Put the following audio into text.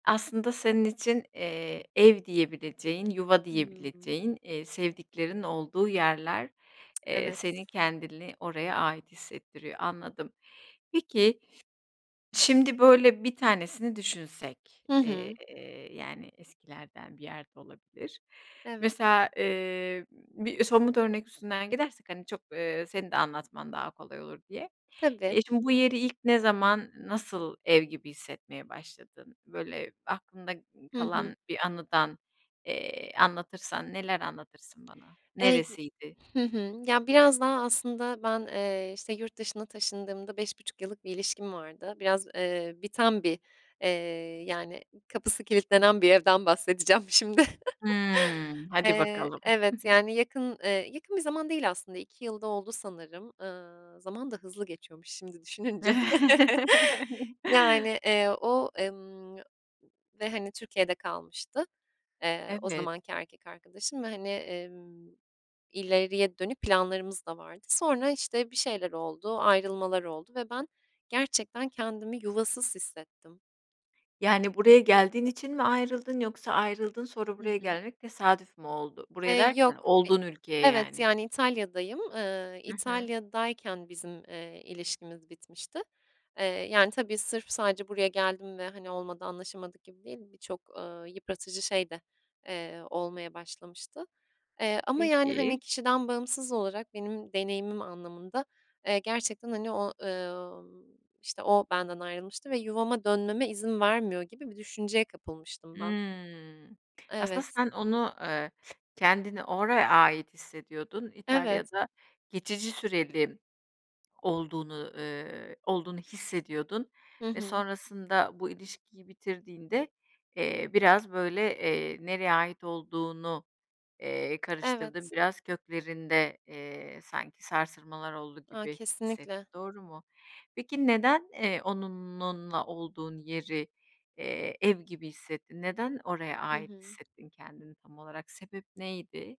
Aslında senin için, eee, ev diyebileceğin, yuva Hımm. diyebileceğin, iii, sevdiklerin olduğu yerler, eee, Evet. seni kendini oraya ait hissettiriyor, anladım. Peki, şimdi, böyle, bir tanesini düşünsek, Hı eee, hı. yani, eskilerden bir yer de olabilir. Evet. Mesela, eee, bir somut örnek üstünden gidersek, hani, çok, eee, senin de anlatman daha kolay olur diye. Tabii. Eee, şimdi bu yeri ilk ne zaman, nasıl ev gibi hissetmeye başladın? Böyle aklında Hı hı. kalan bir anıdan, eee, anlatırsan neler anlatırsın bana? Eee, y Neresiydi? Hı hı. Ya, biraz daha aslında ben, eee, işte, yurt dışına taşındığımda 5.5 yıllık bir ilişkim vardı. Biraz, eee, biten bir, eee, yani kapısı kilitlenen bir evden bahsedeceğim şimdi. Hımm, hadi Eee, bakalım. evet, yani, yakın eee, yakın bir zaman değil aslında, 2 yıl da oldu sanırım, ııı, zaman da hızlı geçiyormuş şimdi düşününce. Yani, eee, o, ımm, ve, hani, Türkiye'de kalmıştı, eee, o Evet. zamanki erkek arkadaşım ve, hani, emm, ileriye dönük planlarımız da vardı. Sonra, işte, bir şeyler oldu, ayrılmalar oldu ve ben gerçekten kendimi yuvasız hissettim. Yani buraya geldiğin için mi ayrıldın yoksa ayrıldın sonra Hı buraya hı. gelmek tesadüf mü oldu? Buraya Eee, derken yok, i olduğun ülkeye evet, yani. yani İtalya'dayım. Iıı, I hı. İtalya'dayken bizim, eee, ilişkimiz bitmişti. Eee, yani, tabii sırf sadece buraya geldim ve, hani, olmadı anlaşamadık gibi değil, birçok, ııı, yıpratıcı şey de, eee, olmaya başlamıştı, eee, ama, yani, hani, Peki. kişiden bağımsız olarak benim deneyimim anlamında, eee, gerçekten, hani, o ı ımm, işte, o benden ayrılmıştı ve yuvama dönmeme izin vermiyor gibi bir düşünceye kapılmıştım ben. Imm, k aslında Evet. sen onu, eee, kendini oraya ait hissediyordun, Evet. İtalya'da geçici süreli olduğunu ııı, olduğunu hissediyordun Hı ve hı. sonrasında bu ilişkiyi bitirdiğinde, eee, biraz böyle, eee, nereye ait olduğunu, eee, karıştırdın Evet. biraz köklerinde, eee, sanki sarsılmalar oldu A, gibi hissettin, kesinlikle. doğru mu? Peki neden, eee, onunla olduğun yeri, eee, ev gibi hissettin? Neden oraya Hı ait hı. hissettin kendini tam olarak? Sebep neydi?